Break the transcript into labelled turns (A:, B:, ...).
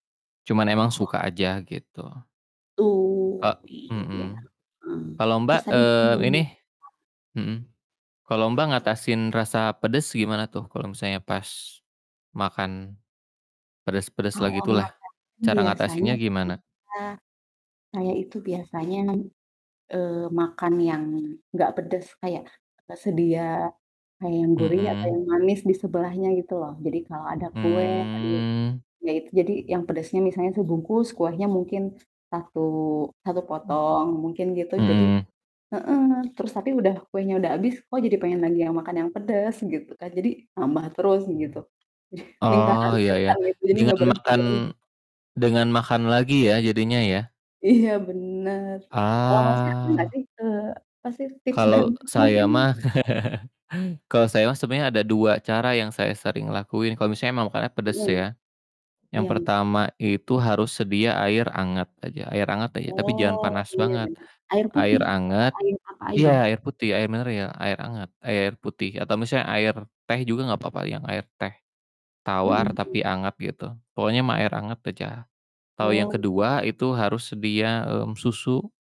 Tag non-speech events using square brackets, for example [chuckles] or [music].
A: Cuman emang
B: Oh.
A: suka aja gitu.
B: Oh,
A: Ka
B: iya ya.
A: mhm,
B: Eee,
A: kalo Mbak,
B: terus tadi mungkin
A: eee,
B: mau
A: ini
B: [unintelligible]
A: mhm, kalo Mbak ngatasin rasa pedes gimana tuh, kalo misalnya pas makan pedes-pedes lah
B: Kalau
A: gitu lah,
B: ngatasin
A: cara
B: biasanya
A: ngatasinnya gimana?
B: saya, saya itu biasanya, eee, makan yang gak pedes kayak atau sedia kayak yang gurih atau yang
A: Mhm.
B: manis di sebelahnya gitu loh, jadi kalau ada kue tadi,
A: Mmm.
B: ya itu jadi yang pedasnya misalnya sebungkus, kuenya mungkin 1- 1
A: Mhm,
B: potong, mungkin gitu, jadi
A: mhm.
B: heeh, terus tapi udah kuenya udah abis kok jadi pengen lagi yang makan yang pedes gitu kan, jadi nambah terus gitu, [chuckles] lingkaran
A: Oh, ya ya,
B: setan gitu jadi ga
A: dengan makan
B: berhenti-berhenti.
A: dengan makan lagi ya, jadinya ya.
B: Iya, bener, kalau Masnya ada nggak
A: Ah.
B: sih, eee, apa sih, tips dan
A: Kalo
B: trik mungkin.
A: saya mah, [laughs] kalau saya mah sebenernya ada 2 cara yang saya sering lakuin kalo misalnya emang makannya pedes
B: Mhm.
A: ya. Yang
B: Iya.
A: pertama itu harus sedia air anget aja air anget aja, tapi jangan
B: Oh
A: panas
B: iya
A: banget,
B: bener, air putih
A: air
B: atau
A: anget
B: air apa aja?
A: iya, air putih air mineral, air hangat, air putih. Atau misalnya air teh juga nggak papa, yang air teh
B: Mhm
A: tawar
B: mhm.
A: tapi anget gitu, pokoknya mah air anget aja. Atau yang
B: Oh, mhm.
A: kedua itu harus sedia, mmm, susu.